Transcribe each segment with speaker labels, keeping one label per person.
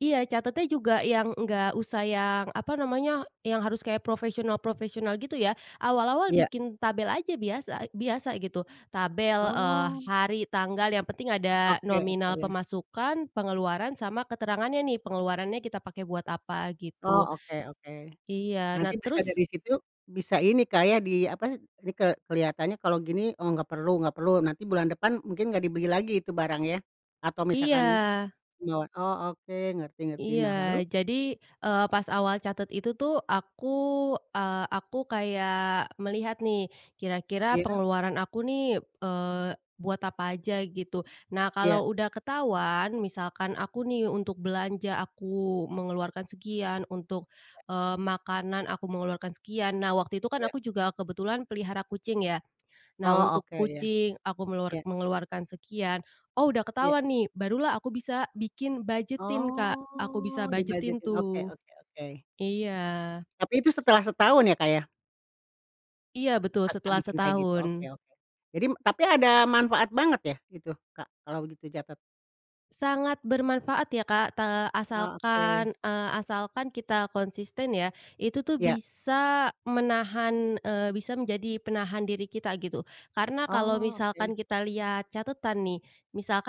Speaker 1: Iya catatnya juga yang enggak usah yang, apa namanya, yang harus kayak profesional profesional gitu ya. Awal-awal
Speaker 2: Iya.
Speaker 1: bikin tabel aja biasa biasa gitu. Tabel, eee,
Speaker 2: Oh.
Speaker 1: hari, tanggal, yang penting ada
Speaker 2: Oke
Speaker 1: nominal
Speaker 2: oke.
Speaker 1: pemasukan, pengeluaran, sama keterangannya nih, pengeluarannya kita pakai buat apa,
Speaker 2: Oh,
Speaker 1: gitu.
Speaker 2: oke oke.
Speaker 1: Iya, nah
Speaker 2: Nanti bisa
Speaker 1: terus
Speaker 2: dari situ, bisa ini Kak ya, di apa, like kelihatannya kalau gini, oh nggak perlu nggak perlu, nanti bulan depan, mungkin nggak dibeli lagi itu barang ya, atau misalkan,
Speaker 1: Iya.
Speaker 2: ngewo oke, ngerti-ngerti, nah
Speaker 1: Iya,
Speaker 2: lalu?
Speaker 1: jadi, eee, pas awal catat itu tuh aku, eee, aku kayak melihat nih, kira-kira
Speaker 2: Iya.
Speaker 1: pengeluaran aku nih, eee, buat apa aja gitu. Nah
Speaker 2: Iya.
Speaker 1: kalau udah ketahuan, misalkan aku nih untuk belanja aku mengeluarkan sekian, untuk, eee, makanan aku mengeluarkan sekian, nah waktu itu kan
Speaker 2: Ya.
Speaker 1: aku juga kebetulan pelihara kucing ya. Nah,
Speaker 2: Oh
Speaker 1: untuk
Speaker 2: oke iya.
Speaker 1: kucing, aku meluar
Speaker 2: Ya.
Speaker 1: mengeluarkan sekian. Oh, udah
Speaker 2: Ya.
Speaker 1: ketahuan nih, barulah aku bisa bikin budget-in Kak, aku bisa
Speaker 2: Oh,
Speaker 1: budget-in
Speaker 2: dibudgetin, oke
Speaker 1: tuh.
Speaker 2: oke oke.
Speaker 1: Iya.
Speaker 2: Tapi itu setelah setahun ya Kak ya?
Speaker 1: Iya betul
Speaker 2: Kakak
Speaker 1: setelah
Speaker 2: bikin kayak gitu, oke
Speaker 1: setahun.
Speaker 2: oke. Jadi tapi ada manfaat banget ya, itu, Kak, kalau gitu catat?
Speaker 1: Sangat bermanfaat ya Kak, te
Speaker 2: Ah oke.
Speaker 1: asalkan, eee, asalkan kita konsisten ya. Itu tuh
Speaker 2: Ya.
Speaker 1: bisa menahan, eee, bisa menjadi penahan diri kita gitu. Karena kalau
Speaker 2: Oh oke.
Speaker 1: misalkan kita lihat catatan nih,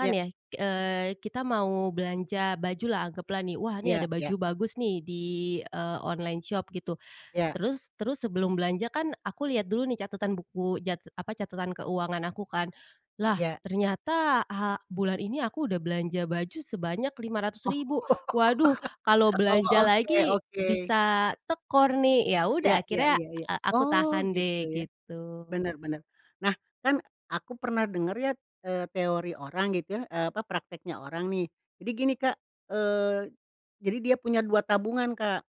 Speaker 2: Ya.
Speaker 1: ya, eee, kita mau belanja baju lah, anggaplah nih, "wah ini
Speaker 2: Ya
Speaker 1: ada
Speaker 2: ya.
Speaker 1: baju bagus nih, di, eee, online shop" gitu,
Speaker 2: Ya.
Speaker 1: terus terus sebelum belanja kan aku lihat dulu nih catatan buku, jat apa, catatan keuangan aku kan. Lah,
Speaker 2: Ya.
Speaker 1: ternyata, ha bulan ini aku udah belanja baju sebanyak 500
Speaker 2: Oh,
Speaker 1: ribu, waduh, kalau
Speaker 2: oh,
Speaker 1: belanja
Speaker 2: oke
Speaker 1: lagi,
Speaker 2: oke.
Speaker 1: bisa tekor nih. Yaudah
Speaker 2: Ya ya
Speaker 1: akhirnya,
Speaker 2: ya ya,
Speaker 1: e aku
Speaker 2: oh
Speaker 1: tahan
Speaker 2: gitu
Speaker 1: deh,
Speaker 2: ya,
Speaker 1: gitu.
Speaker 2: benar-benar. Nah kan, aku pernah dengar ya, eee, teori orang gitu ya, eee, apa, prakteknya orang nih, jadi gini Kak, eee, jadi dia punya 2 tabungan, Kak.